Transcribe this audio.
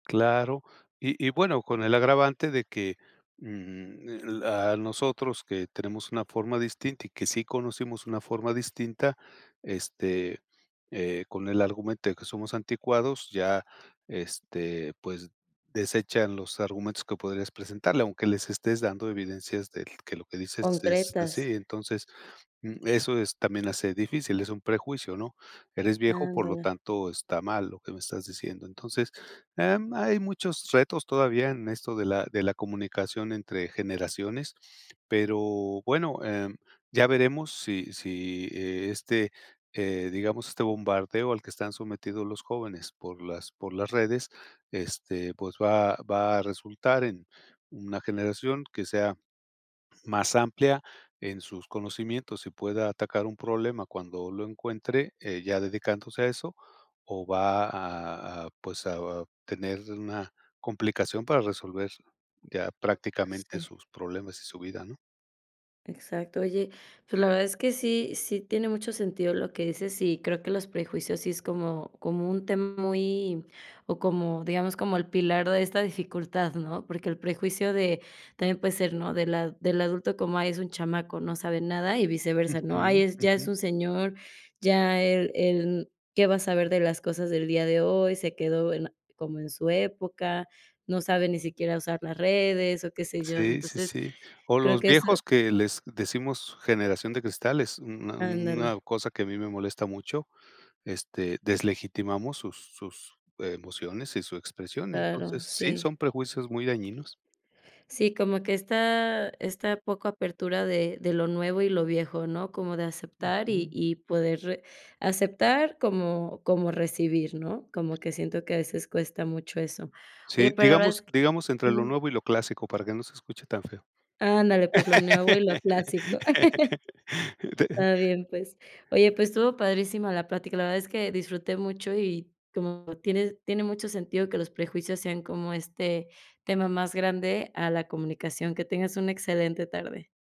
Claro, y y bueno, con el agravante de que, mm, la a nosotros que tenemos una forma distinta y que sí conocimos una forma distinta, este, eh, con el argumento de que somos anticuados, ya, este, pues, desechan los argumentos que podrías presentarle, aunque les estés dando evidencias del que lo que dices es Concretas. así. Entonces, mm, eso es también hace difícil, es un prejuicio, ¿no? Eres viejo, por lo Ándale. tanto está mal lo que me estás diciendo. Entonces, em, hay muchos retos todavía en esto de la de la comunicación entre generaciones, pero bueno, em, ya veremos si si e este, eh, digamos, este bombardeo al que están sometidos los jóvenes por las por las redes, este, pues va va a resultar en una generación que sea más amplia en sus conocimientos y pueda atacar un problema cuando lo encuentre, eh, ya dedicándose a eso, o va a a, pues, a a tener una complicación para resolver ya prácticamente Sí. sus problemas y su vida, ¿no? Exacto. Oye, pues la verdad es que sí sí tiene mucho sentido lo que dices, y creo que los prejuicios sí es como como un tema muy o, como, digamos, como el pilar de esta dificultad, ¿no? Porque el prejuicio de también puede ser, ¿no? Del a del adulto como: “Ay, es un chamaco, no sabe nada”, y viceversa, ¿no?: “Ay, Ujú, es ya es ujú. un señor, ya él él qué va a saber de las cosas del día de hoy. Se quedó en como en su época, no sabe ni siquiera usar las redes", o, qué sé yo. Sí, sí, Entonces, sí. O creo los que eso viejos que les decimos generación de cristal, es una una Ándale. cosa que a mí me molesta mucho, este, deslegitimamos sus sus emociones y su expresión. Claro. Entonces, sí, Sí. son prejuicios muy dañinos. Sí, como que esta esta poca apertura de de lo nuevo y lo viejo, ¿no? Como de aceptar y Ujú. y poder aceptar como como recibir, ¿no? Como que siento que a veces cuesta mucho eso. Oye, Sí, pues, la verdad es digamos que digamos entre lo Ujú. nuevo y lo clásico para que no se escuche tan feo. Ándale, pues, lo nuevo y lo clásico. Está bien, pues. Oye, pues estuvo padrísima la plática. La verdad es que disfruté mucho, y como tiene tiene mucho sentido que los prejuicios sean como este tema más grande a la comunicación. Que tengas una excelente tarde.